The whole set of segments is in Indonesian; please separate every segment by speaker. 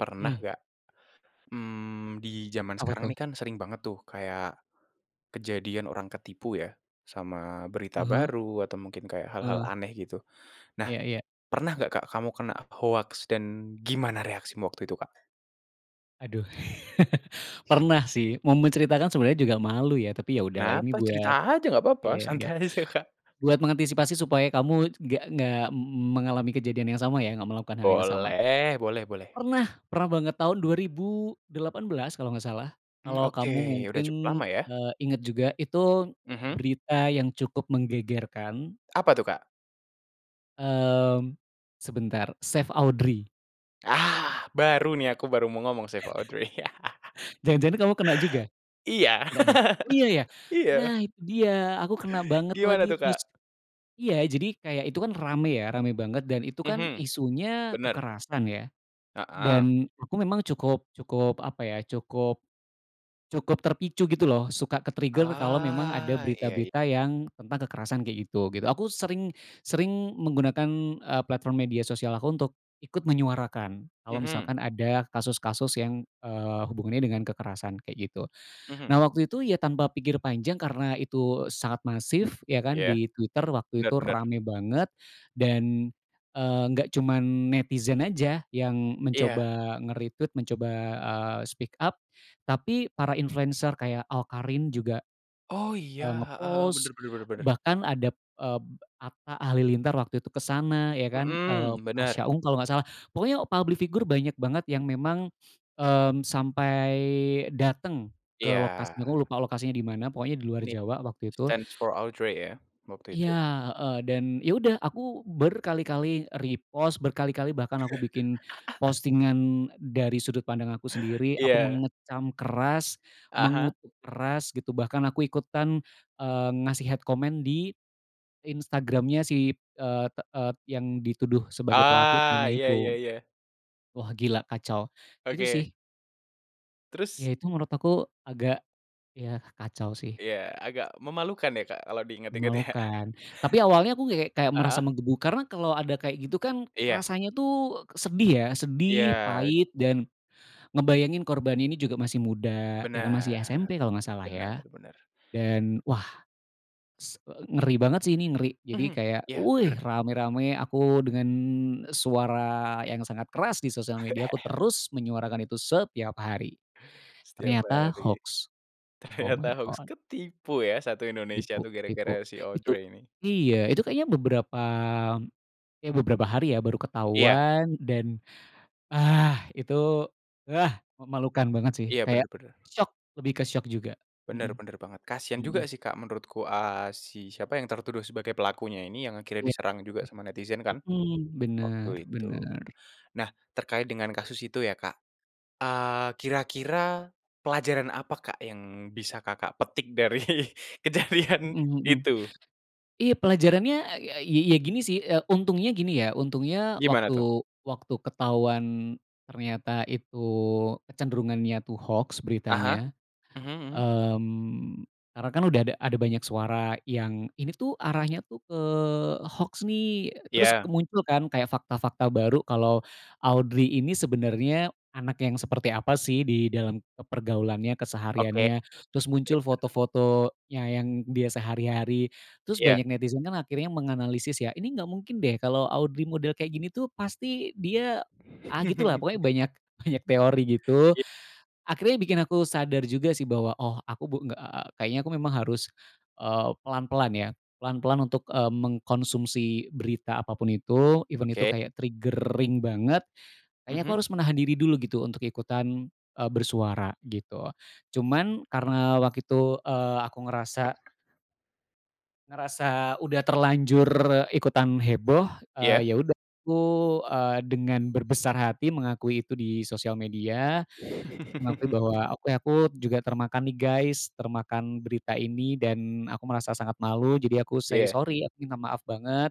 Speaker 1: Pernah
Speaker 2: Hmm.
Speaker 1: nggak, mmm, di jaman
Speaker 2: Apa
Speaker 1: sekarang
Speaker 2: tuh?
Speaker 1: ini kan sering banget tuh kayak kejadian orang ketipu, ya, sama berita
Speaker 2: Ah hah.
Speaker 1: baru atau mungkin kayak hal-hal
Speaker 2: Eee.
Speaker 1: aneh, gitu. Nah,
Speaker 2: Iya iya.
Speaker 1: pernah nggak, Kak, kamu kena hoaks, dan gimana reaksimu waktu itu, Kak?
Speaker 2: Aduh, pernah sih. Mau menceritakan sebenarnya juga malu ya, tapi, ya udah lah, ini
Speaker 1: Kenapa? Cerita
Speaker 2: buat
Speaker 1: aja nggak papa,
Speaker 2: iya, nggak
Speaker 1: santai aja, Kak.
Speaker 2: buat mengantisipasi supaya kamu c nggak nggak m m mengalami kejadian yang sama, ya, nggak melakukan hal yang sama.
Speaker 1: Boleh, boleh boleh.
Speaker 2: Pernah pernah banget tahun 2018 kalau nggak salah,
Speaker 1: Mmm,
Speaker 2: kalau
Speaker 1: oke.
Speaker 2: kamu
Speaker 1: Udah
Speaker 2: mungkin,
Speaker 1: cukup lama, ya?
Speaker 2: eee, ingat juga, itu
Speaker 1: Mhm.
Speaker 2: berita yang cukup menggegerkan.
Speaker 1: Apa tuh, Kak?
Speaker 2: Mmm, sebentar, Save Audrey.
Speaker 1: Ah! Baru nih, aku baru mau ngomong Save Audrey.
Speaker 2: Jangan-jangan kamu kena juga?
Speaker 1: Iya,
Speaker 2: Nggak, ya? Oh, iya, ya?
Speaker 1: iya.
Speaker 2: Nah, itu dia, aku kena banget
Speaker 1: Gimana
Speaker 2: lagi
Speaker 1: tuh,
Speaker 2: terus
Speaker 1: Kak?
Speaker 2: iya, jadi kayak itu kan rame, ya, rame banget, dan itu kan
Speaker 1: Mhm,
Speaker 2: isunya
Speaker 1: bener.
Speaker 2: kekerasan, ya.
Speaker 1: Heeh.
Speaker 2: Dan aku memang cukup cukup apa, ya, cukup cukup terpicu, gitu loh, suka ke-trigger kalau memang ada
Speaker 1: Ah. Iya iya.
Speaker 2: berita-berita yang tentang kekerasan kayak gitu, gitu. Aku sering sering menggunakan, eee, platform media sosial aku untuk ikut menyuarakan. Kalau
Speaker 1: Mhm.
Speaker 2: misalkan ada kasus-kasus yang, eee, hubungannya dengan kekerasan kayak gitu.
Speaker 1: Mhm.
Speaker 2: Nah, waktu itu, ya, tanpa pikir panjang, karena itu sangat masif ya kan
Speaker 1: Iya,
Speaker 2: di Twitter waktu
Speaker 1: bener
Speaker 2: itu,
Speaker 1: bener.
Speaker 2: rame banget dan, eee, nggak cuman netizen aja yang
Speaker 1: Iya.
Speaker 2: mencoba nge-retweet, mencoba, eee, speak up, tapi para influencer kayak Awkarin juga,
Speaker 1: Oh, iya.
Speaker 2: eee,
Speaker 1: Heeh heeh,
Speaker 2: nge-post,
Speaker 1: bener bener bener bener.
Speaker 2: bahkan adab ep Atta Halilintar waktu itu ke sana, ya kan, eee, b
Speaker 1: Mhm,
Speaker 2: Pasha
Speaker 1: bener.
Speaker 2: Ungu kalau nggak salah. Pokoknya public figure banyak banget yang memang, mmm, sampai dateng ke
Speaker 1: Iya.
Speaker 2: lokasi, aku lupa lokasi nya di mana, pokoknya di luar
Speaker 1: Ini,
Speaker 2: Jawa waktu itu.
Speaker 1: Stands for Audrey, ya, waktu
Speaker 2: Iya,
Speaker 1: itu?
Speaker 2: heeh. Dan, ya udah, aku berkali-kali repost, berkali-kali bahkan aku bikin postingan dari sudut pandang aku sendiri. Aku
Speaker 1: Iya.
Speaker 2: mengecam keras,
Speaker 1: Ah hah.
Speaker 2: mengutuk keras, gitu, bahkan aku ikutan, eee, ngasih hate comment di Instagram-nya si, eee, te eee, yang dituduh sebagai pelaku
Speaker 1: Ah,
Speaker 2: bully-nya
Speaker 1: iya iya
Speaker 2: itu.
Speaker 1: iya.
Speaker 2: Wah, gila, kacau. Itu
Speaker 1: Oke.
Speaker 2: sih. Ya,
Speaker 1: Terus?
Speaker 2: itu menurut aku agak, ya, kacau sih.
Speaker 1: Iya, agak memalukan ya, Kak, kalau diingat-ingat, ya?
Speaker 2: Memalukan. Tapi awalnya aku kayak kayak
Speaker 1: A a
Speaker 2: merasa
Speaker 1: Heeh.
Speaker 2: menggebu, karena kalau ada kayak gitu kan
Speaker 1: Iya.
Speaker 2: rasanya tuh k sedih, ya, sedih,
Speaker 1: Iya.
Speaker 2: pahit, dan ngebayangin korbannya ini juga masih muda. Ya kan
Speaker 1: Bener,
Speaker 2: masih SMP kalau nggak salah,
Speaker 1: bener
Speaker 2: ya.
Speaker 1: bener.
Speaker 2: Dan, wah, s eee, ngeri banget sih ini, ngeri, jadi
Speaker 1: Mhm,
Speaker 2: kayak,
Speaker 1: iya,
Speaker 2: wuih,
Speaker 1: bener.
Speaker 2: rame-rame aku dengan suara yang sangat keras di sosial media aku terus menyuarakan itu setiap hari,
Speaker 1: Setiap
Speaker 2: ternyata
Speaker 1: hari.
Speaker 2: hoax, oh my
Speaker 1: Ternyata harus
Speaker 2: God!
Speaker 1: ketipu, ya, satu Indonesia
Speaker 2: Nipu,
Speaker 1: tuh,
Speaker 2: tipu.
Speaker 1: gara-gara si
Speaker 2: Itu
Speaker 1: Audrey ini.
Speaker 2: iya, itu kayaknya beberapa ya, beberapa hari ya, baru
Speaker 1: Iya.
Speaker 2: ketahuan, dan ah, itu ah, memalukan banget sih,
Speaker 1: Iya,
Speaker 2: kayak
Speaker 1: bener bener.
Speaker 2: syok, lebih ke syok juga. Mhm,
Speaker 1: Bener bener banget, kasihan
Speaker 2: mhm.
Speaker 1: juga sih, Kak, menurutku, a si siapa yang tertuduh sebagai pelakunya ini, yang akhirnya
Speaker 2: Kasian ya,
Speaker 1: diserang juga sama netizen kan,
Speaker 2: mhm, bener
Speaker 1: waktu itu.
Speaker 2: bener.
Speaker 1: Nah, terkait dengan kasus itu ya, Kak, eee, kira-kira pelajaran apa, Kak, yang bisa Kakak petik dari kejadian
Speaker 2: Mhm mhm.
Speaker 1: itu?
Speaker 2: Iya, pelajarannya, ya ya gini sih, eee, untungnya gini ya, untungnya
Speaker 1: Gimana tuh?
Speaker 2: waktu waktu ketahuan ternyata itu kecenderungannya tuh hoax
Speaker 1: Ah hah,
Speaker 2: beritanya,
Speaker 1: mhm mhm.
Speaker 2: mmm, karena kan udah ada ada banyak suara yang ini tuh arahnya tuh ke hoax nih. Terus
Speaker 1: Iya.
Speaker 2: kemuncul kan kayak fakta-fakta baru kalau Audrey ini sebenarnya anak yang seperti apa sih di dalam, eee, pergaulannya,
Speaker 1: Oke.
Speaker 2: kesehariannya. Terus muncul
Speaker 1: bener bener.
Speaker 2: foto-fotonya yang dia sehari-hari. Terus
Speaker 1: Iya.
Speaker 2: banyak netizen kan akhirnya menganalisis ya, ini nggak mungkin deh kalau Audrey model kayak gini tuh pasti dia ah, gitu lah, pokoknya banyak banyak teori gitu.
Speaker 1: Iya.
Speaker 2: Akhirnya bikin aku sadar juga sih bahwa, "Oh, aku bu nggak eee, kayaknya aku memang harus, eee, pelan-pelan, ya. Pelan-pelan untuk, eee, mengkonsumsi berita apa pun itu, even itu
Speaker 1: Oke.
Speaker 2: kayak triggering banget. Kayaknya aku
Speaker 1: Mhm.
Speaker 2: harus menahan diri dulu, gitu, untuk ikutan, eee, bersuara," gitu. Cuman karena waktu itu, eee, aku ngerasa ngerasa udah terlanjur ikutan heboh,
Speaker 1: Iya.
Speaker 2: eee, ya udah, aku, eee, dengan berbesar hati mengakui itu di sosial media, mengakui bahwa, "Oke, aku juga termakan nih, guys, termakan berita ini dan aku merasa sangat malu," jadi aku say
Speaker 1: Iya.
Speaker 2: sorry, "aku minta maaf banget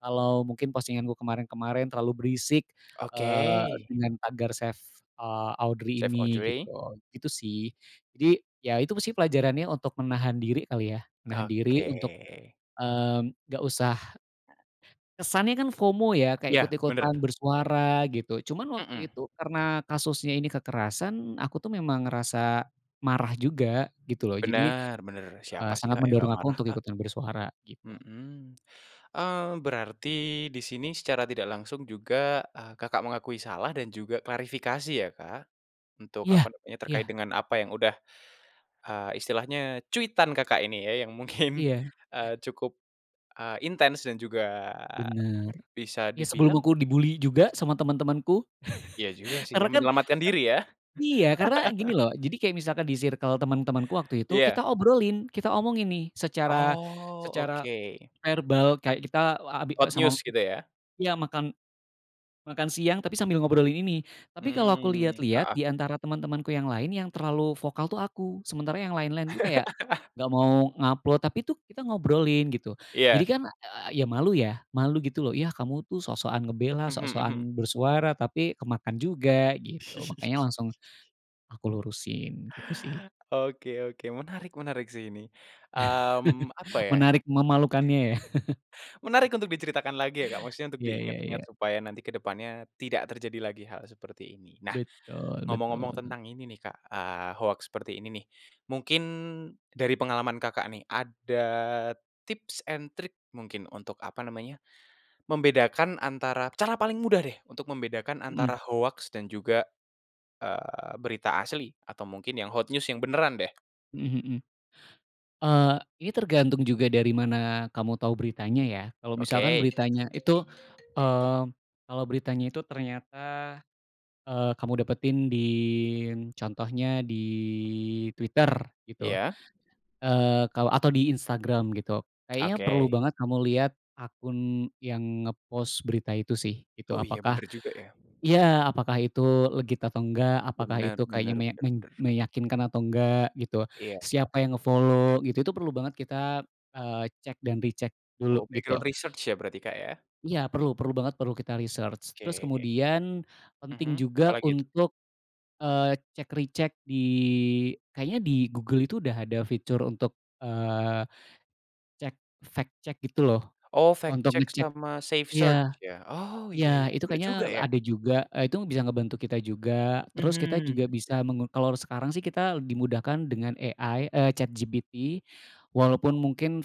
Speaker 2: kalau mungkin postingan gue kemarin-kemarin terlalu berisik,
Speaker 1: Oke.
Speaker 2: eee, dengan #Save, eee, Audrey
Speaker 1: Save
Speaker 2: ini,"
Speaker 1: Audrey.
Speaker 2: gitu. Itu sih. Jadi ya itu sih pelajarannya untuk menahan diri kali, ya?
Speaker 1: Ka
Speaker 2: Menahan diri
Speaker 1: oke.
Speaker 2: untuk, mmm, nggak usah kesannya kan FOMO, ya, kayak
Speaker 1: Iya, bener.
Speaker 2: ikut-ikutan bersuara, gitu. Cuman
Speaker 1: Mmm.
Speaker 2: waktu itu karena kasusnya ini kekerasan, aku tuh memang ngerasa marah juga, gitu loh, jadi,
Speaker 1: Bener bener.
Speaker 2: eee,
Speaker 1: Siapa sih,
Speaker 2: sangat
Speaker 1: Kak, yang
Speaker 2: mendorong
Speaker 1: nggak
Speaker 2: aku
Speaker 1: marah,
Speaker 2: untuk
Speaker 1: Kak?
Speaker 2: ikutan bersuara, gitu.
Speaker 1: Mhm. Eee, berarti di sini secara tidak langsung juga, eee, Kakak mengakui salah dan juga klarifikasi ya, Kak, untuk apa
Speaker 2: Iya
Speaker 1: namanya, terkait
Speaker 2: iya.
Speaker 1: dengan apa yang udah, eee, istilahnya cuitan Kakak ini ya, yang mungkin,
Speaker 2: Iya.
Speaker 1: eee, cukup, eee, intens dan juga
Speaker 2: Bener.
Speaker 1: bisa
Speaker 2: Iya, sebelum
Speaker 1: dibilang
Speaker 2: aku di-bully juga
Speaker 1: mis
Speaker 2: sama teman-temanku.
Speaker 1: Iya juga sih ya,
Speaker 2: Karena kan
Speaker 1: menyelamatkan
Speaker 2: kan
Speaker 1: diri, ya?
Speaker 2: iya. Karena gini loh, jadi kayak misalkan di sirkel teman-temanku waktu itu kita
Speaker 1: Iya.
Speaker 2: obrolin, kita omongin nih secara
Speaker 1: Oh,
Speaker 2: secara
Speaker 1: oke.
Speaker 2: verbal, kayak kita, eee, abi
Speaker 1: Oh, hot
Speaker 2: sama
Speaker 1: news, gitu ya?
Speaker 2: iya, makan makan siang, tapi sambil ngobrolin ini. Tapi kalau aku
Speaker 1: Mmm,
Speaker 2: lihat-lihat,
Speaker 1: heeh.
Speaker 2: di antara teman-temanku yang lain, yang terlalu vokal tuh aku. Sementara yang lain-lain tuh kayak nggak mau nge-upload, tapi itu kita ngobrolin, gitu. Jadi
Speaker 1: Iya.
Speaker 2: kan, eee, ya malu ya, malu gitu loh, "Yah kamu tuh sok-sokan ngebela,
Speaker 1: Mhm mhm.
Speaker 2: sok-sokan bersuara tapi kemakan juga." Gitu. Makanya langsung aku lurusin, gitu sih.
Speaker 1: Oke oke. Menarik menarik sih ini. Mmm, apa ya,
Speaker 2: Menarik memalukannya, ya?
Speaker 1: menarik untuk diceritakan lagi ya, Kak, maksudnya untuk
Speaker 2: Iya iya
Speaker 1: diingat-ingat
Speaker 2: iya.
Speaker 1: supaya nanti ke depannya tidak terjadi lagi hal seperti ini. Nah,
Speaker 2: Betul
Speaker 1: ngomong-ngomong
Speaker 2: betul.
Speaker 1: tentang ini nih, Kak, eee, hoaks seperti ini nih, mungkin dari pengalaman Kakak nih, ada tips and trick mungkin untuk apa nama nya, membedakan antara cara paling mudah deh, untuk membedakan
Speaker 2: Mhm.
Speaker 1: antara hoaks dan juga, eee, berita asli atau mungkin yang hot news yang beneran deh.
Speaker 2: Mhm mhm. Eee, ini tergantung juga dari mana kamu tau beritanya, ya. Kalau misalkan
Speaker 1: Oke.
Speaker 2: beritanya itu, eee, kalau beritanya itu ternyata, eee, kamu dapetin din contohnya di Twitter, gitu,
Speaker 1: Iya.
Speaker 2: eee, kalau atau di Instagram, gitu. Kayaknya perlu
Speaker 1: Oke.
Speaker 2: banget kamu lihat akun yang nge-post berita itu sih, gitu.
Speaker 1: Oh, iya,
Speaker 2: Apakah
Speaker 1: bener juga, ya.
Speaker 2: iya. Apakah itu legit atau enggak, apakah
Speaker 1: Bener
Speaker 2: itu kayaknya
Speaker 1: bener
Speaker 2: meya
Speaker 1: bener
Speaker 2: men
Speaker 1: bener.
Speaker 2: meyakinkan atau enggak, gitu.
Speaker 1: Iya, heeh.
Speaker 2: Siapa yang nge-follow, gitu, itu perlu banget kita, eee, cek dan recheck dulu,
Speaker 1: Oke,
Speaker 2: gitu.
Speaker 1: ground research, ya berarti, Kak, ya?
Speaker 2: Iya, perlu perlu banget, perlu kita research. Terus
Speaker 1: Oke.
Speaker 2: kemudian
Speaker 1: Mhm,
Speaker 2: penting
Speaker 1: apa
Speaker 2: juga
Speaker 1: lagi tuh?
Speaker 2: untuk, eee, check recheck di kayaknya di Google itu udah ada fitur untuk, eee, cek Fact Check, gitu loh.
Speaker 1: Oh, Fact
Speaker 2: Untuk
Speaker 1: Check
Speaker 2: ngecek
Speaker 1: sama SafeSearch,
Speaker 2: iya.
Speaker 1: ya? Oh, iya
Speaker 2: Iya,
Speaker 1: iya,
Speaker 2: itu
Speaker 1: bener juga
Speaker 2: kayaknya, e
Speaker 1: ya.
Speaker 2: ada juga, eee, itu bisa ngebantu kita juga. Terus kita
Speaker 1: Mhm.
Speaker 2: juga bisa mengu kalau sekarang sih kita le di mudahkan dengan AI, eee, ChatGPT. Walaupun mungkin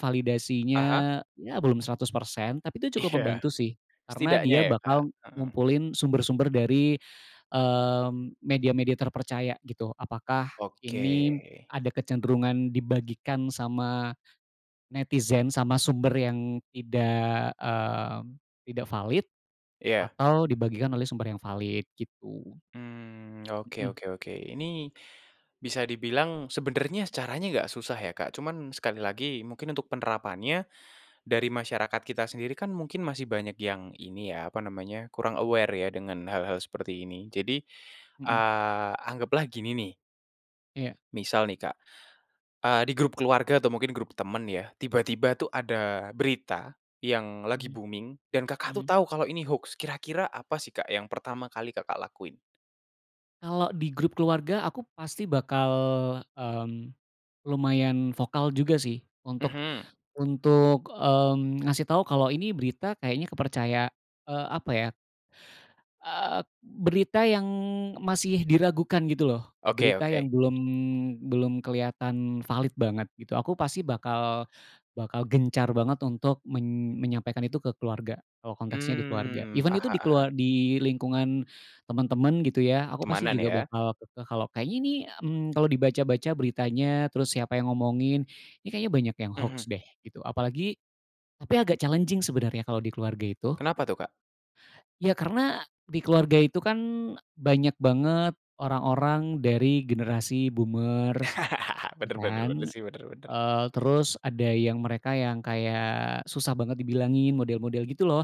Speaker 1: Ah hah.
Speaker 2: validasinya, ya, belum 100%, tapi itu
Speaker 1: Iya.
Speaker 2: cukup membantu sih, karena
Speaker 1: Setidaknya
Speaker 2: dia
Speaker 1: ya, Kak.
Speaker 2: bakal
Speaker 1: Heeh.
Speaker 2: ngumpulin sumber-sumber dari, mmm, media-media terpercaya, gitu, apakah
Speaker 1: Oke.
Speaker 2: ini ada kecenderungan dibagikan sama netizen, sama sumber yang tidak, mmm, tidak valid,
Speaker 1: Iya.
Speaker 2: atau dibagikan oleh sumber yang valid, gitu.
Speaker 1: Mmm, oke
Speaker 2: Mhm.
Speaker 1: oke oke. Ini bisa dibilang sebenarnya caranya nggak susah ya, Kak, cuman sekali lagi, mungkin untuk penerapannnya dari masyarakat kita sendiri kan mungkin masih banyak yang ini, ya, apa namanya, kurang aware, ya, dengan hal-hal seperti ini, jadi,
Speaker 2: Mhm.
Speaker 1: eee, anggaplah gini nih
Speaker 2: Iya.
Speaker 1: misal nih, Kak, eee, di grup keluarga atau mungkin grup teman, ya, tiba-tiba tuh ada berita yang lagi
Speaker 2: Mmm.
Speaker 1: booming dan Kakak tuh
Speaker 2: Mmm.
Speaker 1: tau kalau ini hoax. Kira-kira apa sih, Kak, yang pertama kali Kakak lakuin?
Speaker 2: Kalau di grup keluarga aku pasti bakal, mmm, lumayan vokal juga sih untuk
Speaker 1: Mhm.
Speaker 2: untuk, mmm, ngasih tahu kalau ini berita kayaknya kepercaya eee, apa ya Eee, berita yang masih diragukan gitu loh.
Speaker 1: Oke
Speaker 2: Berita
Speaker 1: oke.
Speaker 2: yang belum belum kelihatan valid banget gitu, aku pasti bakal bakal gencar banget untuk men menyampaikan itu ke keluarga, kalau konteksnya di keluarga.
Speaker 1: Mmm,
Speaker 2: Even itu
Speaker 1: aha
Speaker 2: di
Speaker 1: aha.
Speaker 2: kelua di lingkungan temen-temen gitu ya, aku pasti
Speaker 1: Pertemanan
Speaker 2: juga
Speaker 1: ya?
Speaker 2: bakal ke kalau kayaknya nih, mmm, kalau dibaca-baca beritanya, terus siapa yang ngomongin, ini kayaknya banyak yang
Speaker 1: Mhm.
Speaker 2: hoax deh gitu, apalagi tapi agak challenging sebenarnya kalau di keluarga itu.
Speaker 1: Kenapa tuh, Kak?
Speaker 2: Ya karena di keluarga itu kan e banyak banget orang-orang dari generasi boomers gitu
Speaker 1: Benar benar benar
Speaker 2: kan,
Speaker 1: sih, benar benar.
Speaker 2: eee, terus ada yang mereka yang kayak susah banget dibilangin model-model gitu loh,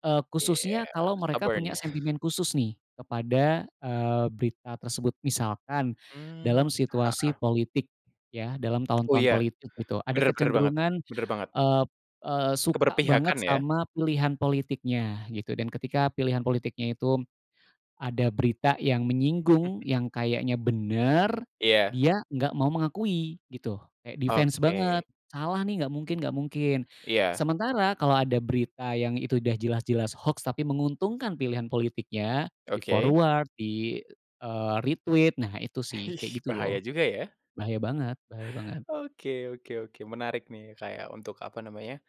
Speaker 2: eee,
Speaker 1: Iya,
Speaker 2: khususnya kalau mereka
Speaker 1: stubborn.
Speaker 2: punya sentimen khusus nih kepada, eee, berita tersebut. Misalkan
Speaker 1: Mmm,
Speaker 2: dalam situasi
Speaker 1: heeh.
Speaker 2: politik ya, dalam
Speaker 1: Oh
Speaker 2: tahun-tahun
Speaker 1: iya,
Speaker 2: politik gitu, ada
Speaker 1: benar benar banget
Speaker 2: kecenderungan,
Speaker 1: benar banget.
Speaker 2: eee eee, suka banget
Speaker 1: Keberpihakan ya?
Speaker 2: sama pilihan politiknya gitu, dan ketika pilihan politiknya itu ada berita yang menyinggung, yang kayaknya bener,
Speaker 1: Iya.
Speaker 2: dia nggak mau mengakui gitu, kayak defense banget
Speaker 1: Oke.
Speaker 2: salah nih, nggak mungkin nggak mungkin,
Speaker 1: Iya.
Speaker 2: sementara kalau ada berita yang itu udah jelas-jelas hoax, tapi menguntungkan pilihan politiknya, di
Speaker 1: Oke.
Speaker 2: forward, di, eee, retweet, nah itu
Speaker 1: E
Speaker 2: sih
Speaker 1: Hih,
Speaker 2: kayak gitu
Speaker 1: bahaya
Speaker 2: loh,
Speaker 1: juga ya.
Speaker 2: bahaya banget bahaya banget.
Speaker 1: Oke oke oke, menarik nih, Kak, ya, untuk apa namanya,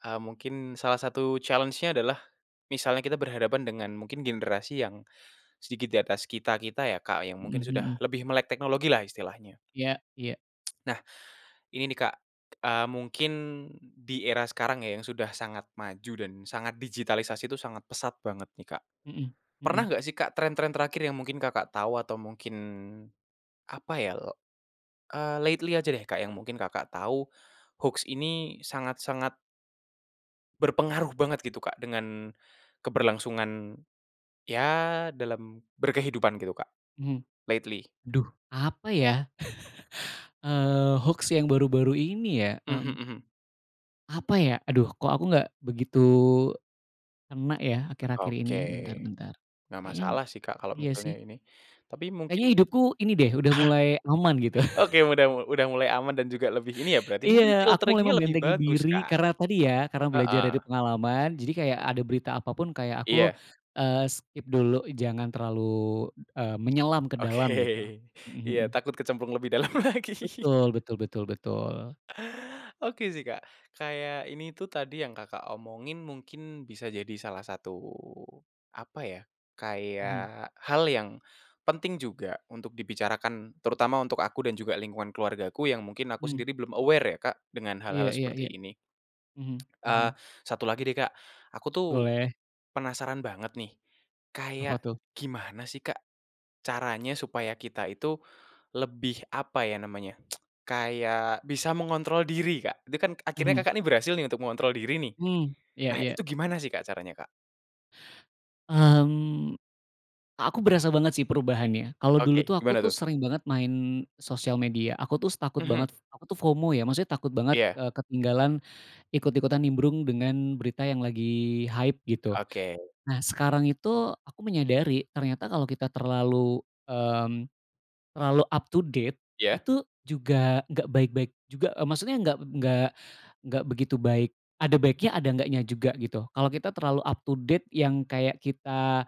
Speaker 1: eee, mungkin salah satu challenge-nya adalah misalnya kita berhadapan dengan mungkin generasi yang sedikit di atas kita-kita ya, Kak, yang mungkin
Speaker 2: Mhm
Speaker 1: sudah
Speaker 2: mhm.
Speaker 1: lebih melek teknologi lah istilahnya.
Speaker 2: Iya iya.
Speaker 1: Nah, ini nih, Kak, eee, mungkin di era sekarang ya, yang sudah sangat maju dan sangat digitalisasi itu sangat pesat banget nih Kak,
Speaker 2: Mhm,
Speaker 1: pernah
Speaker 2: mhm.
Speaker 1: enggak sih, Kak, trend-trend terakhir yang mungkin Kakak tahu atau mungkin apa ya, le eee, lately aja deh, Kak, yang mungkin Kakak tahu, hoax ini sangat-sangat berpengaruh banget gitu, Kak, dengan keberlangsungan, ya dalam berkehidupan gitu, Kak,
Speaker 2: Mhm,
Speaker 1: lately.
Speaker 2: aduh apa ya, eee, hoax yang baru-baru ini ya
Speaker 1: Mhm
Speaker 2: mmm,
Speaker 1: mhm.
Speaker 2: Apa ya, aduh, kok aku nggak begitu kena ya, akhir-akhir ini.
Speaker 1: Oke,
Speaker 2: Bentar bentar
Speaker 1: enggak
Speaker 2: kayaknya
Speaker 1: masalah sih, Kak, kalau
Speaker 2: iya
Speaker 1: misalnya
Speaker 2: sih.
Speaker 1: ini tapi mungkin
Speaker 2: Kayaknya hidupku ini deh, udah mulai aman gitu.
Speaker 1: hah! Oke udah mu udah mulai aman dan juga lebih ini ya, berarti
Speaker 2: Iya,
Speaker 1: mungkin
Speaker 2: aku mulai
Speaker 1: filtering-nya lebih
Speaker 2: membentengi
Speaker 1: bagus,
Speaker 2: diri,
Speaker 1: Kak,
Speaker 2: karena tadi ya, karena belajar
Speaker 1: heeh.
Speaker 2: dari pengalaman, jadi kayak ada berita apa pun kayak aku,
Speaker 1: Iya.
Speaker 2: eee, skip dulu jangan terlalu, b eee, menyelam ke
Speaker 1: Oke,
Speaker 2: dalam gitu, mhm
Speaker 1: iya,
Speaker 2: mhm.
Speaker 1: takut kecemplung lebih dalam lagi.
Speaker 2: Betul betul betul betul.
Speaker 1: Oke sih, Kak, kayak ini tuh tadi yang Kakak omongin mungkin bisa jadi salah satu apa ya,
Speaker 2: Mhm.
Speaker 1: kayak hal yang penting juga untuk dibicarakan terutama untuk aku dan juga lingkungan keluargaku yang mungkin aku
Speaker 2: Hmm.
Speaker 1: sendiri belum aware ya, Kak, dengan
Speaker 2: Iya
Speaker 1: hal-hal
Speaker 2: iya
Speaker 1: seperti
Speaker 2: iya,
Speaker 1: ini.
Speaker 2: mhm mhm.
Speaker 1: Eee, satu lagi deh, Kak, aku tuh,
Speaker 2: Boleh.
Speaker 1: penasaran banget nih
Speaker 2: Apa
Speaker 1: kayak
Speaker 2: tuh?
Speaker 1: gimana sih Kak, caranya supaya kita itu lebih apa ya namanya, kayak bisa mengontrol diri, Kak, itu kan akhirnya
Speaker 2: Mhm.
Speaker 1: Kakak ini berhasil nih, untuk mengontrol diri nih.
Speaker 2: Mmm, iya
Speaker 1: Nah
Speaker 2: iya.
Speaker 1: itu gimana sih, Kak, caranya, Kak?
Speaker 2: Mmm, a aku berasa banget sih perubahannya, kalau dulu
Speaker 1: Oke,
Speaker 2: tuh aku
Speaker 1: gimana
Speaker 2: tuh
Speaker 1: tuh?
Speaker 2: sering banget main sosial media, aku tuh s takut
Speaker 1: Mhm.
Speaker 2: banget aku tuh FOMO ya, maksudnya takut banget,
Speaker 1: Iya.
Speaker 2: eee, ketinggalan ikut-ikutan nimbrung dengan berita yang lagi hype gitu.
Speaker 1: Oke.
Speaker 2: Nah, sekarang itu aku menyadari, ternyata kalau kita terlalu, mmm, terlalu up to date,
Speaker 1: Iya.
Speaker 2: itu juga nggak baik-baik juga e maksudnya nggak nggak nggak begitu baik. Ada baiknya ada nggaknya juga gitu. Kalau kita terlalu up to date yang kayak kita,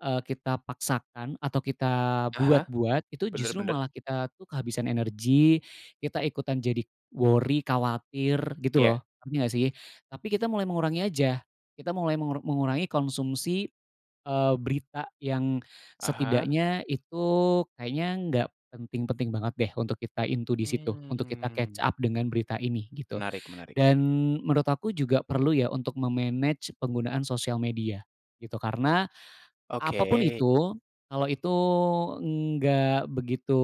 Speaker 2: eee, kita paksakan atau kita
Speaker 1: Ah hah,
Speaker 2: buat-buat, itu
Speaker 1: benar
Speaker 2: justru
Speaker 1: benar.
Speaker 2: malah kita tuh kehabisan energi, kita ikutan jadi worry, khawatir gitu
Speaker 1: Iya.
Speaker 2: loh, ngerti nggak sih? Tapi kita mulai mengurangi aja, kita mulai mengur mengurangi konsumsi, eee, berita yang
Speaker 1: Ah hah.
Speaker 2: setidaknya itu kayaknya nggak penting-penting banget deh untuk kita into di situ, untuk kita catch
Speaker 1: Mmm.
Speaker 2: up dengan berita ini gitu.
Speaker 1: Menarik menarik.
Speaker 2: Dan menurut aku juga perlu ya untuk me-manage penggunaan sosial media gitu, karena, apa pun
Speaker 1: Oke.
Speaker 2: itu kalau itu nggak begitu,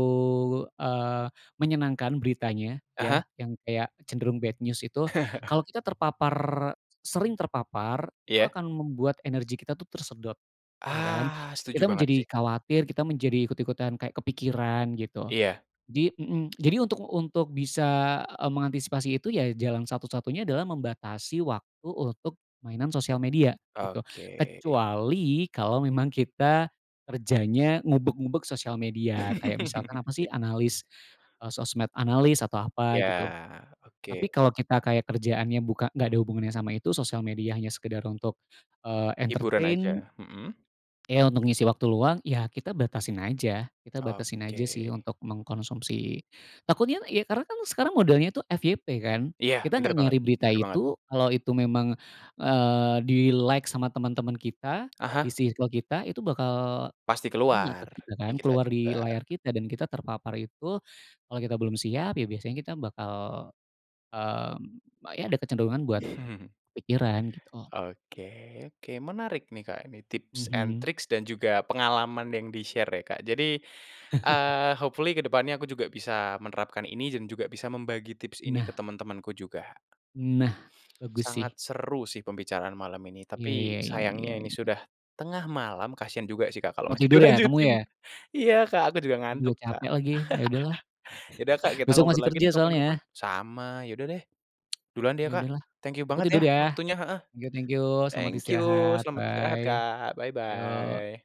Speaker 2: eee, menyenangkan beritanya
Speaker 1: Ah hah.
Speaker 2: ya, yang kayak cenderung bad news itu, kalau kita terpapar e sering terpapar itu
Speaker 1: Iya.
Speaker 2: akan membuat energi kita tuh tersedot, ya kan.
Speaker 1: Ah, setuju
Speaker 2: Kita
Speaker 1: banget sih.
Speaker 2: menjadi khawatir, kita menjadi ikut-ikutan kayak kepikiran gitu,
Speaker 1: Iya.
Speaker 2: jadi mhm, jadi untuk untuk bisa, eee, mengantisipasi itu ya, jalan satu-satunya adalah membatasi waktu untuk mainan sosial media gitu,
Speaker 1: Oke.
Speaker 2: kecuali kalau memang kita kerjanya ngubek-ngubek sosial media, kayak misalkan apa sih, analis e sosmed analis atau apa
Speaker 1: Iya,
Speaker 2: gitu.
Speaker 1: oke.
Speaker 2: Tapi kalau kita kayak kerjaannya buka nggak ada hubungannya sama itu, sosial media hanya sekedar untuk, eee,
Speaker 1: Hiburan
Speaker 2: entertain
Speaker 1: aja, mhm.
Speaker 2: Iya, untuk ngisi waktu luang, ya kita batasin aja. Kita batasin aja sih
Speaker 1: Oke.
Speaker 2: untuk mengkonsumsi takutnya ya, karena kan sekarang modelnya itu FYP kan,
Speaker 1: Iya,
Speaker 2: kita gak
Speaker 1: benar banget
Speaker 2: nyari berita
Speaker 1: benar banget.
Speaker 2: itu, kalau itu memang, eee, di-like sama teman-teman kita
Speaker 1: Ah
Speaker 2: di
Speaker 1: hah.
Speaker 2: circle kita itu bakal,
Speaker 1: Pasti
Speaker 2: kena ke
Speaker 1: keluar,
Speaker 2: kita
Speaker 1: di
Speaker 2: kan,
Speaker 1: kita
Speaker 2: keluar di
Speaker 1: juga.
Speaker 2: layar kita dan kita terpapar itu, kalau kita belum siap, ya biasanya kita bakal, mmm, ya ada kecenderungan buat,
Speaker 1: Hmm.
Speaker 2: kepikiran gitu loh.
Speaker 1: Oke oke, menarik nih, Kak, ini tips and
Speaker 2: Mhm.
Speaker 1: tricks dan juga pengalaman yang di-share ya, Kak, jadi, eee, hopefully ke depannya aku juga bisa menerapkan ini dan juga bisa membagi tips ini ke
Speaker 2: Nah.
Speaker 1: teman-temanku juga.
Speaker 2: Nah, bagus
Speaker 1: Sangat
Speaker 2: sih.
Speaker 1: seru sih pembicaraan malam ini,
Speaker 2: Iya
Speaker 1: tapi
Speaker 2: iya iya iya
Speaker 1: sayangnya ini
Speaker 2: iya.
Speaker 1: sudah tengah malam kasihan juga sih, Kak, kalau
Speaker 2: Mau
Speaker 1: masih
Speaker 2: tidur ya, kamu
Speaker 1: dilanjutin.
Speaker 2: ya?
Speaker 1: Iya, Kak, aku juga ngantuk,
Speaker 2: Aduh
Speaker 1: Kak.
Speaker 2: capek lagi, ya udah lah,
Speaker 1: Ya udah, Kak, kita
Speaker 2: besok
Speaker 1: ngobrol
Speaker 2: masih
Speaker 1: lagi
Speaker 2: kerja
Speaker 1: deh kapan-kapan.
Speaker 2: soalnya.
Speaker 1: Sama, ya udah deh, duluan deh
Speaker 2: Ya
Speaker 1: ya, Kak,
Speaker 2: udah lah,
Speaker 1: thank you
Speaker 2: aku
Speaker 1: banget ya,
Speaker 2: tidur ya,
Speaker 1: waktunya, heeh,
Speaker 2: thank you thank you, selamat
Speaker 1: thank you
Speaker 2: istirahat
Speaker 1: selamat istirahat,
Speaker 2: bye,
Speaker 1: Kak,
Speaker 2: yo.
Speaker 1: bye-bye.